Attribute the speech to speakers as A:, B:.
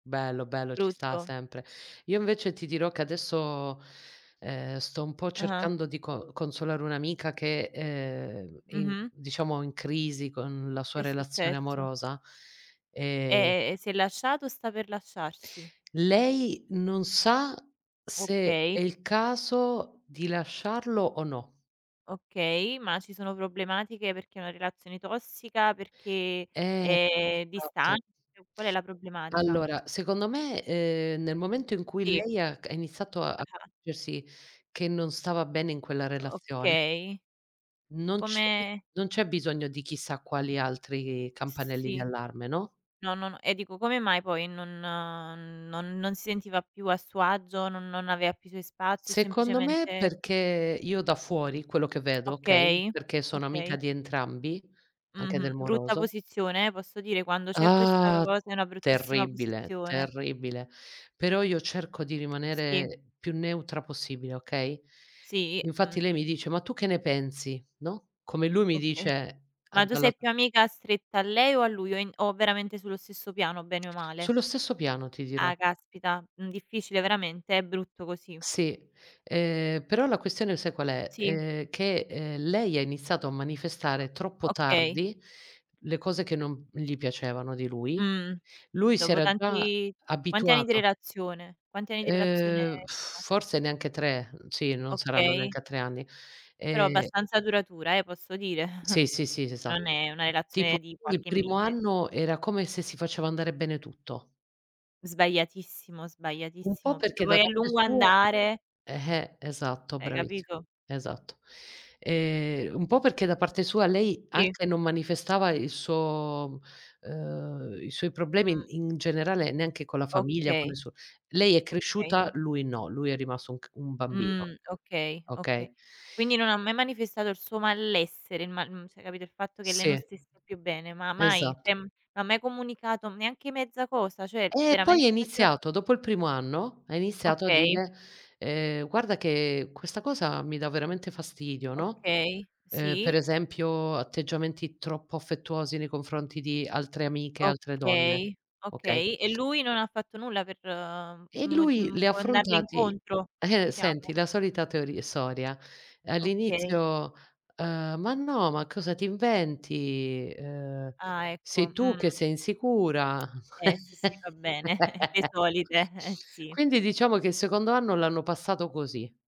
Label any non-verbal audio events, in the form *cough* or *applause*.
A: Bello bello ci sta
B: Brutto.
A: sempre. Io invece ti dirò che adesso, ehm, sto un po'
B: Ah-ah.
A: cercando di co consolare un'amica che, ehm, è in
B: Mh-mh.
A: diciamo in crisi con la
B: Che
A: sua
B: è
A: relazione
B: successo?
A: amorosa,
B: E,
A: e
B: ehm, si è lasciat o sta per lasciarsi?
A: Lei non sa se
B: Okay.
A: è il caso di lasciarlo o no.
B: Okay, ma ci sono problematiche perché è una relazione tossica, perché
A: Eh,
B: è
A: esatto.
B: distante, qual è la problematica?
A: Allora secondo me, ehm, nel momento in cui
B: Sì.
A: lei ha c ha iniziato a
B: Ah-ah.
A: accorgersi che non stava bene in quella relazione
B: Okay.
A: non c'è
B: Come
A: non c'è bisogno di chissà quali altri campanelli di
B: Sì,
A: allarme, no?
B: no, no, no e dico, come mai poi non non non si sentiva più a suo agio, non non aveva più suoi spazi o
A: Secondo me
B: semplicemente
A: perché, io da fuori quello che vedo, okay,
B: Okay,
A: perché sono amica
B: okay.
A: di entrambi, anche del
B: Mh-mh, brutta
A: moroso
B: posizione, eh, posso dire? Quando c'è questa
A: Ah,
B: cosa è una bruttissima
A: terribile,
B: posizione.
A: terribile, però io cerco di
B: Sì.
A: rimanere più neutra possibile, okay?
B: Sì,
A: Infatti
B: mh.
A: lei mi dice: "Ma tu che ne pensi?" No, come lui mi
B: Okay,
A: dice: "A
B: ma tu
A: dalla"
B: sei più amica stretta a lei o a lui o in o veramente sullo stesso piano bene o male?
A: Sullo stesso piano ti dirò.
B: Ah caspita, mh, difficile veramente, è brutto così.
A: Sì, ehm, però la questione sai qual è?
B: Sì.
A: Ehm, che, ehm, lei ha iniziato a
B: O
A: manifestare troppo
B: okay.
A: tardi le cose che non gli piacevano di lui.
B: Mh,
A: Lui si
B: dopo
A: era già
B: tanti quanti anni di
A: abituato.
B: relazione quanti anni di relazione
A: Ehm, *lip trill*
B: sono?
A: forse neanche 3, sì non saranno
B: Okay.
A: neanche a 3 anni
B: Però
A: e
B: abbastanza duratura eh, posso dire. *chuckles*
A: Sì, sì, sì
B: Non
A: esatto.
B: è una
A: Tipo
B: relazione di
A: il
B: qualche
A: primo
B: mese.
A: anno era come se si faceva andare bene tutto.
B: Sbagliatissimo,
A: Un po'
B: sbagliatissimo, perché
A: perché
B: poi
A: da
B: a
A: parte
B: lungo
A: sua,
B: andare
A: eh-eh, esatto
B: Hai
A: bravis
B: capito?
A: esatto. Ehm, un po' perché da parte sua lei
B: Sì.
A: anche non manifestava il suo ehm, i suoi
B: Mh.
A: problemi in generale neanche con la famiglia, con il
B: Okay.
A: suo lei è
B: Okay.
A: cresciuta, lui no, lui è rimasto un c un bambino.
B: Mhmm, okay, okay.
A: Okay?
B: Quindi non ha mai manifestato il suo malessere, il mal mhmm, cioè capito il fatto che lei non
A: Sì,
B: stesse più bene? Ma mai cioè,
A: esatto.
B: ma mai comunicato neanche mezza cosa, cioè
A: Eh poi è
B: veramente faceva
A: iniziato dopo il primo anno, ha iniziato a
B: Okay.
A: dire: "Ehm, guarda che questa cosa mi dà veramente fastidio",
B: O
A: no,
B: okay
A: ehm, per
B: sì.
A: esempio atteggiamenti troppo affettuosi nei confronti di altre amiche, altre donne,
B: Okay, okay.
A: okay?
B: E lui non ha fatto nulla per
A: E
B: mo
A: lui
B: m
A: li ha
B: andarle
A: affrontati
B: incontro,
A: *chuckles* senti
B: diciamo?
A: la solita teori storia.
B: Okay.
A: All'inizio: "Ehm, ma no, ma cosa ti inventi? Ehm,
B: Ah
A: sei
B: ecco,
A: tu
B: mh.
A: che sei insicura".
B: Eh sì, sì va bene, *chuckles* le
A: *chuckles*
B: solite. Eh sì.
A: Quindi diciamo che il secondo anno l'hanno passato così.